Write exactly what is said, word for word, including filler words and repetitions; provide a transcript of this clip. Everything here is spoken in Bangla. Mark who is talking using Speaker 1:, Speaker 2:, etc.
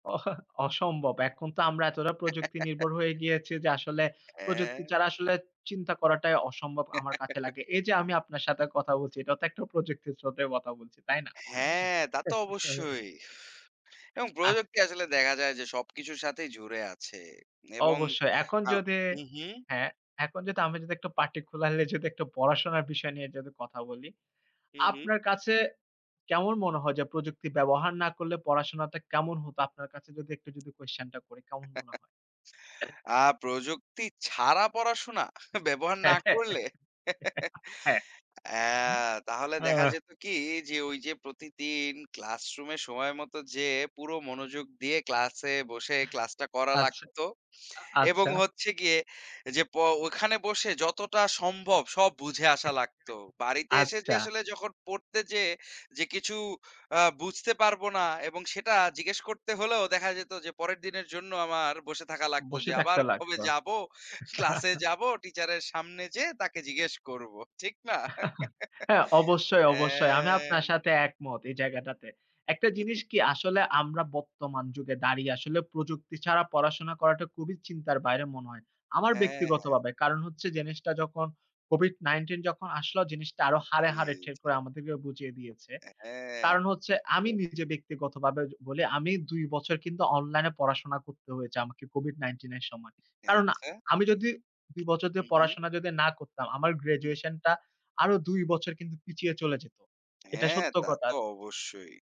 Speaker 1: অসম্ভব। এখন তো আমরা এতটা প্রযুক্তিনির্ভর হয়ে গিয়েছি যে, আসলে প্রযুক্তি
Speaker 2: হ্যাঁ।
Speaker 1: ছাড়া আসলে চিন্তা করাটাই অসম্ভব আমার কাছে লাগে। এই যে আমি আপনার সাথে কথা বলছি এটাও তো একটা প্রযুক্তির স্রোতে কথা বলছি, তাই না?
Speaker 2: হ্যাঁ, তা তো অবশ্যই। এবং প্রযুক্তি
Speaker 1: আজকে
Speaker 2: আসলে দেখা যায় যে সব কিছুর সাথেই জুড়ে আছে এবং
Speaker 1: অবশ্যই এখন
Speaker 2: আ
Speaker 1: যদি,
Speaker 2: উম হুম।
Speaker 1: হ্যাঁ, এখন যদি আমি যদি একটা party খুলাইলে যদি একটু পড়াশোনার বিষয় নিয়ে যদি কথা বলি,
Speaker 2: হুম, হুম।
Speaker 1: আপনার কাছে কেমন মনে হয় যে, প্রযুক্তি ব্যবহার না করলে পড়াশোনাটা কেমন হতো? আপনার কাছে যদি একটু যদি question টা করি, কেমন মনে হয়?
Speaker 2: আ প্রযুক্তি ছাড়া পড়াশোনা? ব্যবহার না করলে?
Speaker 1: হ্যাঁ,
Speaker 2: হ্যাঁ, তাহলে দেখা
Speaker 1: ওহ!
Speaker 2: যেত কি যে, ওই যে প্রতিদিন class room-এ সময়মতো যেয়ে পুরো মনোযোগ দিয়ে class-এ বসে class-টা করা লাগত
Speaker 1: আচ্ছা, আ
Speaker 2: এবং
Speaker 1: আচ্ছা।
Speaker 2: হচ্ছে গিয়ে যে, প ওখানে বসে যতটা সম্ভব সব বুঝে আসা লাগত। বাড়িতে এসে যে
Speaker 1: আচ্ছা।
Speaker 2: আসলে যখন পড়তে যেয়ে যে, কিছু বুঝতে আ পারব না এবং সেটা জিজ্ঞেস করতে হলেও দেখা যেত যে পরের দিনের জন্য আমার বসে থাকা লাগত
Speaker 1: বসে
Speaker 2: যে, আবার
Speaker 1: থাকতে লাগত।
Speaker 2: কবে যাব? class-এ যাব, teacher-এর সামনে যেয়ে তাকে জিজ্ঞেস করব ঠিক না?
Speaker 1: হ্যাঁ, অবশ্যই, অবশ্যই আমি আপনার
Speaker 2: অ্যা।
Speaker 1: সাথে একমত এই জায়গাটাতে। একটা জিনিস কি আসলে আমরা বর্তমান যুগে দাঁড়িয়ে আসলে প্রযুক্তি ছাড়া পড়াশোনা করাটা খুবই চিন্তার বাইরে মনে হয়, আমার
Speaker 2: হ্যাঁ, হ্যাঁ।
Speaker 1: ব্যক্তিগতভাবে। কারণ হচ্ছে জিনিসটা যখন COVID-19 যখন আসলো জিনিসটা আরও হাড়ে,
Speaker 2: জি,
Speaker 1: হাড়ে ঠিক
Speaker 2: জি।
Speaker 1: করে আমাদেরকে বুঝিয়ে দিয়েছে।
Speaker 2: হ্যাঁ।
Speaker 1: কারণ হচ্ছে আমি
Speaker 2: [unintelligible]
Speaker 1: নিজে ব্যক্তিগতভাবে বলি, আমি দুই বছর কিন্তু অনলাইনে পড়াশোনা করতে হয়েছে আমাকে COVID-19 এর সময়। কারণ
Speaker 2: আচ্ছা?
Speaker 1: আমি যদি দুই বছর ধরে
Speaker 2: হুম, হুম।
Speaker 1: পড়াশোনা যদি না করতাম, আমার
Speaker 2: হুম।
Speaker 1: graduation টা আরও দুই বছর কিন্তু পিছিয়ে চলে যেত। এটা
Speaker 2: হ্যাঁ,
Speaker 1: সত্য
Speaker 2: তা
Speaker 1: কথা।
Speaker 2: তো অবশ্যই।